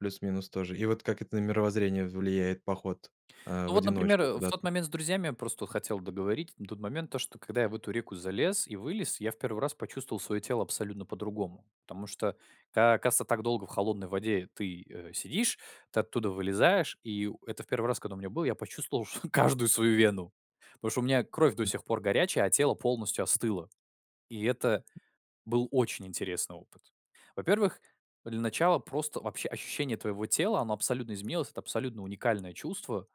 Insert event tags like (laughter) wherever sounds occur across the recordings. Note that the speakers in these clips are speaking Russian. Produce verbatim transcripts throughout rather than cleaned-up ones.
Плюс-минус тоже. И вот как это на мировоззрение в влияет, поход, э, Ну в вот, например, одиночку э, в куда-то? тот момент с друзьями, просто вот хотел договорить. На тот момент то, что когда я в эту реку залез и вылез, я в первый раз почувствовал своё тело абсолютно по-другому. Потому что как оказывается, так долго в холодной воде ты, э, сидишь, ты оттуда вылезаешь. И у это в первый раз, когда у меня было, я почувствовал чт каждую свою вену. Потому что у меня кровь до М. сих пор горячая, а тело полностью остыло. И это был очень интересный опыт. Во-первых, для начала просто вообще ощущение твоего тела, оно абсолютно изменилось, это абсолютно уникальное чувство,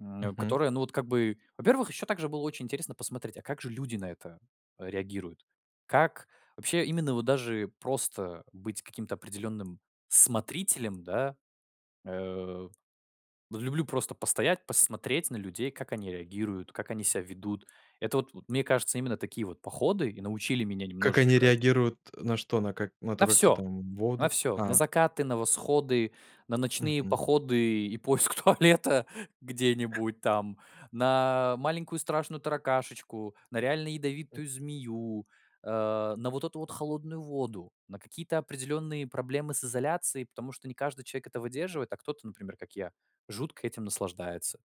м, Мгм. которое, ну, вот как бы. Во-первых, ещё также было очень интересно посмотреть, а как же люди на это а реагируют? Как вообще, именно вот даже просто быть каким-то определённым смотрителем, да. Э. Вот люблю просто постоять, посмотреть на людей, как они реагируют, как они ся ведут. Это вот, вот мне кажется, именно такие вот походы и научили меня Как они немножечко реагируют, э, на что? На как, на На то, как ты всё. там в На воду, всё. На а? закаты, на восходы, на ночные Мгм. походы и поиск туалета где-нибудь там, на маленькую страшную таракашечку, на реально М. ядовитую змею, э, на вот эту вот холодную воду, на какие-то определённые проблемы с изоляцией, потому что не каждый человек это выдерживает, а кто-то, например, как я, жутко этим наслаждается.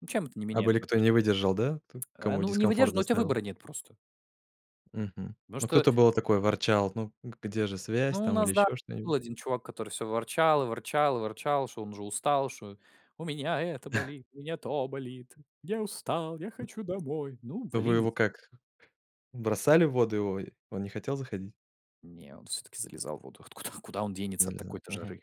Ну чем это не А меняет были твоё кто отноше не выдержал, да? То А, кому ну, не дискомфорт выдерживает, но у тя доставило? выбора нет просто. Мгм. Потому Ну что кто-то было такой ворчал: "Ну, г где же связь Ну, у там или нас да, ещё был что-нибудь?" один чувак, который всё ворчал, и ворчал, и ворчал, что он уже устал, что у меня это (chuckles) болит, у меня то болит, я устал, я М. хочу домой. Ну, А вы блин из его как, бросали в воду? И о он не хотел заходить? Не, он всё-таки залезал в воду. Вот куда, куда он денется от Нельзя, такой-то мгм. жары?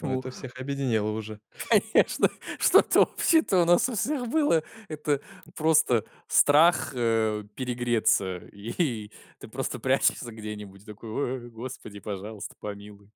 Но Ему это всех объединило уже. конечно, что-то общее-то у нас у всех было, это М. просто страх, э, перегреться. И ты просто прячешься где-нибудь, и такой: "Ой, господи, пожалуйста, помилуй".